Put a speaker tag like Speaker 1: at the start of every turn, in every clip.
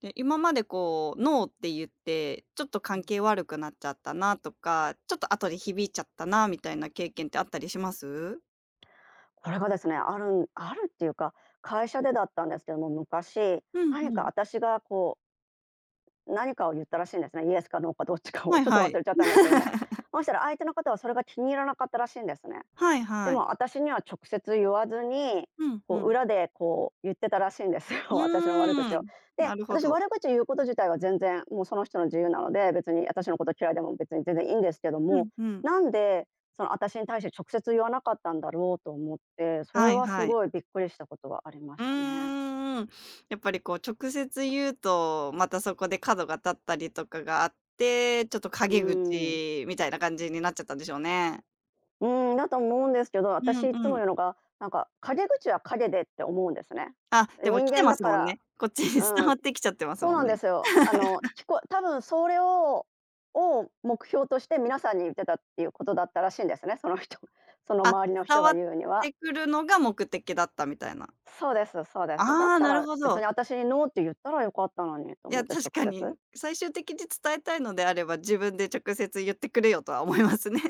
Speaker 1: で、今までこう、「ノー」って言って、ちょっと
Speaker 2: う
Speaker 1: 関
Speaker 2: ん。
Speaker 1: 係悪くなっちゃったなとか、ちょっと後で響いちゃったなあみたいな経験ってあったりします？
Speaker 2: これがですね、あるあるっていうか、会社でだったんですけども、昔、
Speaker 1: うん
Speaker 2: 何
Speaker 1: う
Speaker 2: か
Speaker 1: ん。
Speaker 2: 私がこう何かを言ったらしいんですね、「イエス」か「ノー」かどっちか
Speaker 1: は
Speaker 2: を、
Speaker 1: い
Speaker 2: ちょっと
Speaker 1: は
Speaker 2: 忘
Speaker 1: い。
Speaker 2: れちゃったんですけども。そしたら相手の方はそれが気に入らなかったらしいんですね。
Speaker 1: はい
Speaker 2: で
Speaker 1: はい。
Speaker 2: も私には直接言わずに、
Speaker 1: うんう
Speaker 2: こう
Speaker 1: ん。
Speaker 2: 裏でこう言ってたらしいんですよ、
Speaker 1: う
Speaker 2: 私の悪口
Speaker 1: ー
Speaker 2: を。
Speaker 1: ん、な
Speaker 2: で、
Speaker 1: るほ
Speaker 2: 私
Speaker 1: ど。
Speaker 2: 悪口を言うこと自体は全然もうその人の自由なので、別に私のこと嫌いでも別に全然いいんですけど
Speaker 1: う
Speaker 2: も、
Speaker 1: ん、ふん。
Speaker 2: なんで、そのあたしに対して直接言わなかったんだろうと思って、それ
Speaker 1: はい
Speaker 2: はす
Speaker 1: はい。
Speaker 2: ごいびっくりしたことはありま
Speaker 1: う
Speaker 2: したね。
Speaker 1: ーん。やっぱりこう直接言うと、またそこで角が立ったりとかがあって、ちょっと
Speaker 2: う
Speaker 1: 陰
Speaker 2: ーん。
Speaker 1: 口みたいな感じになっちゃったんでしょうね。
Speaker 2: うん、だと思うんですけど、
Speaker 1: う
Speaker 2: 私
Speaker 1: ん
Speaker 2: い
Speaker 1: う
Speaker 2: つも
Speaker 1: ん。
Speaker 2: 言うのが、なんか陰口は陰でって思うんですね。
Speaker 1: あ、でも
Speaker 2: 人
Speaker 1: きて
Speaker 2: 間
Speaker 1: ま
Speaker 2: だ
Speaker 1: す
Speaker 2: か
Speaker 1: もん
Speaker 2: ら、
Speaker 1: ね。こっちに伝
Speaker 2: う
Speaker 1: わ
Speaker 2: ん、
Speaker 1: ってきちゃってます
Speaker 2: そう
Speaker 1: もん
Speaker 2: なんで
Speaker 1: ね。
Speaker 2: すよ。あの、聞こえ多分それをを目標として皆さんに言ってたっていうことだったらしいんですね、その人、その
Speaker 1: あ、
Speaker 2: 周りの
Speaker 1: 伝
Speaker 2: 人
Speaker 1: わ
Speaker 2: が
Speaker 1: っ
Speaker 2: 言うには。
Speaker 1: てくるのが目的だったみたいな。
Speaker 2: そうですそうです、だっ
Speaker 1: ああ、
Speaker 2: た
Speaker 1: なる
Speaker 2: ら
Speaker 1: ほ
Speaker 2: 別に
Speaker 1: ど。
Speaker 2: 私に「ノー」って言ったらよかったのにって
Speaker 1: い
Speaker 2: 思
Speaker 1: や、
Speaker 2: って
Speaker 1: 確
Speaker 2: 直
Speaker 1: か
Speaker 2: 接。
Speaker 1: に、最終的に伝えたいのであれば自分で「直接言ってくれよ」とは思いますね。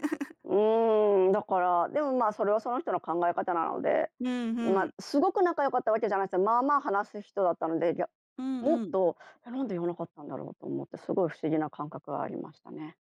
Speaker 2: うーん、だから、でも、ま、それはその人の考え方なので、
Speaker 1: うんう
Speaker 2: ま
Speaker 1: ん。
Speaker 2: すごく仲良かったわけじゃないですけど、まあまあ話す人だったので、や、
Speaker 1: うん
Speaker 2: もっ
Speaker 1: うん。
Speaker 2: と、なんで言わなかったんだろうと思って、すごい不思議な感覚がありましたね。